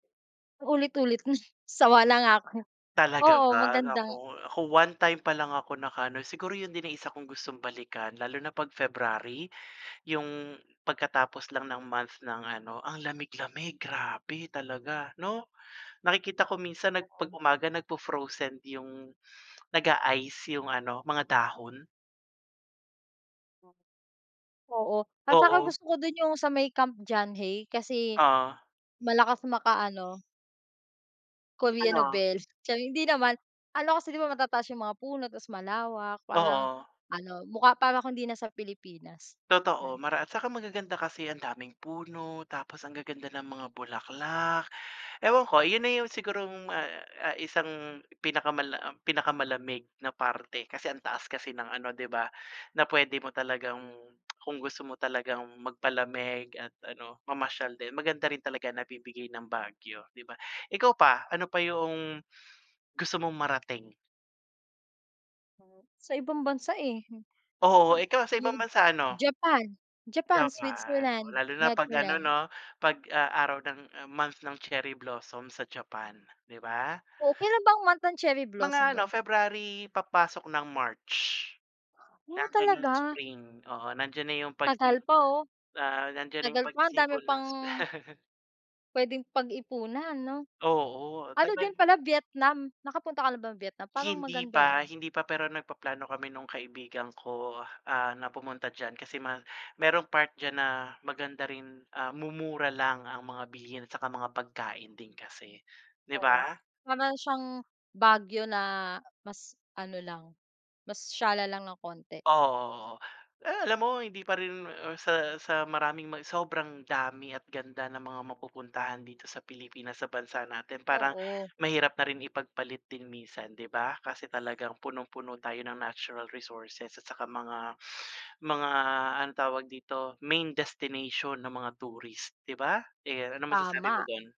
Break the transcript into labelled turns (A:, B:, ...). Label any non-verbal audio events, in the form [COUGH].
A: Ulit-ulit na, sawa na nga ako.
B: Talaga
A: Oo,
B: ba?
A: magandang
B: Naku, ako one time pa lang ako nakaano. Siguro 'yon din ang isa kong gustong balikan, lalo na 'pag February. Yung pagkatapos lang ng month ng ano, ang lamig-lamig grabe, talaga, 'no? Nakikita ko minsan nag 'pag
A: Oo.
B: umaga nagfo-frozen yung nag-a-ice yung ano, mga dahon.
A: Oh. Oo. At saka
B: Oo.
A: gusto ko do'n, yung sa may Camp John Hay kasi,
B: Ah.
A: malakas makaano Korea
B: Ano?
A: nobela, charing, hindi naman. Ano kasi, 'di ba, matataas yung mga puno, tas malawak. Parang
B: Oo.
A: ano, mukha para akong hindi nasa Pilipinas,
B: Totoo,
A: yan.
B: mara at saka magaganda kasi ang daming puno, tapos ang gaganda ng mga bulaklak. Ewan ko, 'yon na yung sigurong ah, ah, isang pinakamala um, pinakamalamig na parte, kasi ang taas kasi ng ano, 'di ba, na puwede mo talagang [TSK] kung gusto mo talagang magpalamig at ano mamasyal din, maganda rin talaga nabibigay ng Baguio, 'di ba? Ikaw pa, ano pa yoong gusto mong marating?
A: Oo, sa ibang bansa eh, hmm,
B: Oo,
A: um,
B: ikaw sa ibang
A: New
B: bansa, ano?
A: Japan Japan,
B: Japan, oh,
A: Switzerland,
B: lalo na 'pag ano,
A: Netherland.
B: 'no, 'pag, ah, araw ng, ah, month ng cherry blossom sa Japan, 'di ba?
A: Oh, kailan ba ang month ng cherry
B: Mga
A: blossom
B: ano,
A: do'n?
B: February, papasok ng March.
A: Oh,
B: Nandiyan yung
A: talaga?
B: spring, oo, nandiyan na yung pagsi
A: Tagal pa oh.
B: ah, nandiyan na yung
A: Tagal pa ang dami
B: pagsibol
A: pang
B: ng sp [CHUCKLES]
A: puwedeng pag-ipunan, 'no?
B: Oo
A: Ano
B: talag
A: din pala, Vietnam, nakapunta ka na bang Vietnam? Parang
B: Hindi
A: maganda eh.
B: pa, hindi pa, pero nagpaplano kami no'ng kaibigan ko, ah, na pumunta diyan, kasi ma merong part diyan na maganda rin, ah, mumura lang ang mga bilhin at tsaka mga pagkain din kasi, 'di
A: Oo,
B: ba?
A: para siyang Baguio na, mas ano lang, mas shala lang ng konti.
B: Oo, oo, oo, eh, alam mo, hindi pa rin, ah, sa sa maraming ma sobrang dami at ganda ng mga mapupuntahan dito sa Pilipinas, sa bansa natin. Parang,
A: Oo.
B: mahirap na rin ipagpalit din minsan, 'di ba? Kasi talagang punong-puno tayo ng natural resources at saka mga mga, anong tawag dito, main destination ng mga tourist, 'di ba? Eh, anong masasabi mo
A: Tama.
B: do'n?